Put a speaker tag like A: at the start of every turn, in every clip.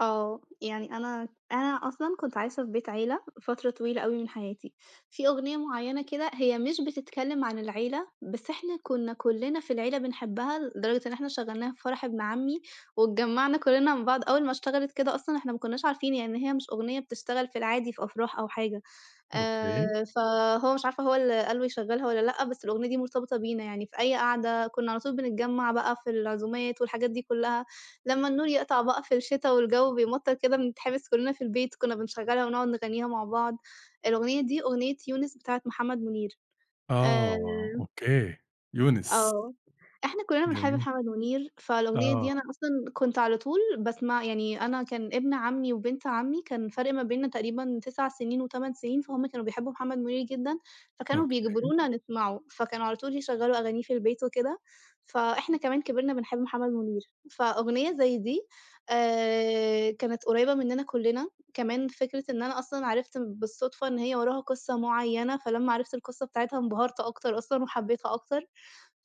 A: آه. يعني أنا أنا أصلًا كنت عايشة في بيت عيلة فترة طويلة أوي من حياتي. في أغنية معيّنة كده هي مش بتتكلّم عن العيلة، بس إحنا كُنّا كُلّنا في العيلة بنحبّها لدرجة إن إحنا شغّلناها في فرح ابن عمّي، واتجمّعنا كُلّنا مع بعض، أول ما اشتغلت كده أصلًا إحنا ما كُنّاش عارفين يعني هي مش أغنية بتشتغل في العادي في أفراح أو حاجة،
B: أوكي.
A: آآ فهو مش عارفة هو اللي قال له يشغّلها والّا لأ، بس الأغنية دي مرتبطة بينا. يعني في أي قعدة كُنّا على طول بنتجمّع بقى في العزومات والحاجات دي كُلّها، لمّا النور يقطع بقى في الشتا والجَو بيمطَّر كده بنتحبس كُلّنا في البيت، كُنّا بنشغّلها ونقعد نغنّيها مع بعض. الأغنية دي، أغنية يونس بتاعة محمد مُنير. آآ
B: آه أوكي. يونس.
A: آه. إحنا كُلّنا بنحب
B: جميل.
A: محمد مُنير، فالأغنية دي
B: آه.
A: أنا أصلًا كنت على طول باسمع يعني أنا كان ابن عمي، وبنت عمي كان فرق ما بيننا تقريبًا 9 سنين و8 سنين، فهُم كانوا بيحبوا محمد مُنير جدًا، فكانوا
B: أوكي.
A: بيجبرونا نسمعه، فكانوا على طول يشغَّلوا أغانيه في البيت وكده، فإحنا كمان كبرنا بنحب محمد مُنير. فأغنية زي دي آآ كانت قريّبة مننا كُلّنا، كمان فكرة إن أنا أصلًا عرفت بالصُدفة إن هي وراها قصة معيّنة، فلما عرفت القصة بتاعتها انبهرت أكتر أصلًا وحبيتها أكتر.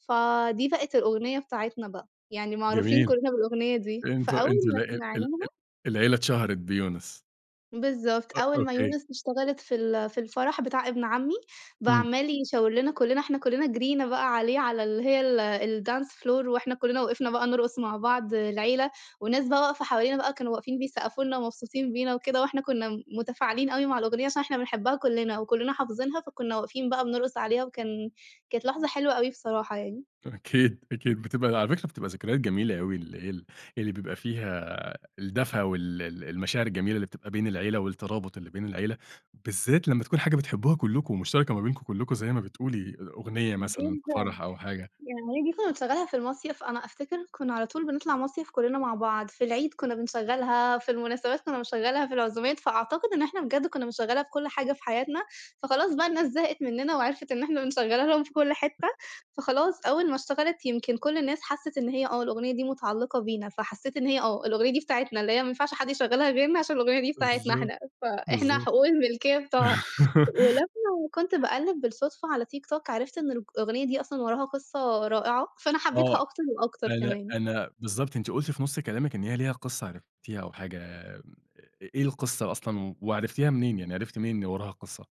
A: فدي بقت الأغنية بتاعتنا بقى، يعني معروفين
B: جميل.
A: كُلّنا بالأغنية دي
B: أنتم
A: فأول
B: أنتم ل
A: ما
B: ال ال ال
A: سمعناها
B: العيلة اتشهرت بيونس.
A: بالضبط.
B: أ
A: أول ما
B: أوكي.
A: يونس اشتغلت في ال في الفَرَح بتاع ابن عمّي، بقى
B: إمم.
A: عمَال يشاور لنا كُلّنا، إحنا كُلّنا جرّينا بقى عليه على اللي هي ال الdance floor وإحنا كُلّنا وقفنا بقى نرقُص مع بعض العيلة والناس بقى واقفة حوالينا بقى كانوا واقفين بيسقّفوا لنا ومبسوطين بينا وكده، وإحنا كُنّا م مُتفاعلين أوي مع الأغنية عشان إحنا بنحبّها كُلّنا وكُلّنا حافظينها، فكُنّا واقفين بقى بنرقُص عليها وكان كانت لحظة حلوة أوي بصراحة يعني.
B: أكيد، أكيد. بتبقى على فكرة بتبقى ذكريات جميلة أوي ال ال اللي بيبقى فيها الدفى وال ال المشاعر الجميلة اللي بتبقى بين العيلة والترابُط اللي بين العيلة، بالذات لمّا تكون حاجة بتحبّوها كلكم، مشتركة ما بينكم كلكم زي ما بتقولي، أ أغنية مثلًا
A: جدًا.
B: فَرَح أو حاجة.
A: يعني دي كُنّا بنشغّلها في المصيف. أنا أفتكر كُنّا على طول بنطلَع مصيف كُلّنا مع بعض. في العيد كُنّا بنشغّلها، في المناسبات كُنّا بنشغّلها، في العزومات، فأعتقد إن إحنا بجد كُنّا بنشغّلها في كل حاجة في حياتنا، فخلاص بقى الناس زهقت منّنا وعرفت إن إحنا بنشغّلها لهم في كل حتّة، فخلاص أول ما اشتغلت يمكن كل الناس حسِّت إن هي آه الأغنية دي مُتعلِّقة بينا، فحسّيت إن هي آه. الأغنية دي بتاعتنا، اللي هي ما ينفعش حد يشغّلها غيرنا عشان الأغنية دي بتاعتنا
B: بالضبط.
A: إحنا، فإحنا
B: بالضبط.
A: حقوق الملكية بتوعها. ولمّا كنت باقلِّب بالصُدفة على تيك توك، عرفت إن الأغنية دي أصلًا وراها قصة رائعة، فأنا
B: آه.
A: حبّيتها أكتر وأكتر
B: أنا
A: كمان.
B: أنا بالضبط. أنتِ قُلتِ في نُص كلامِك إن هي ليها قصة عرفتيها أو حاجة م إيه القصة أصلًا وعرفتيها منين؟ يعني عرفتِ منين إن وراها قصة؟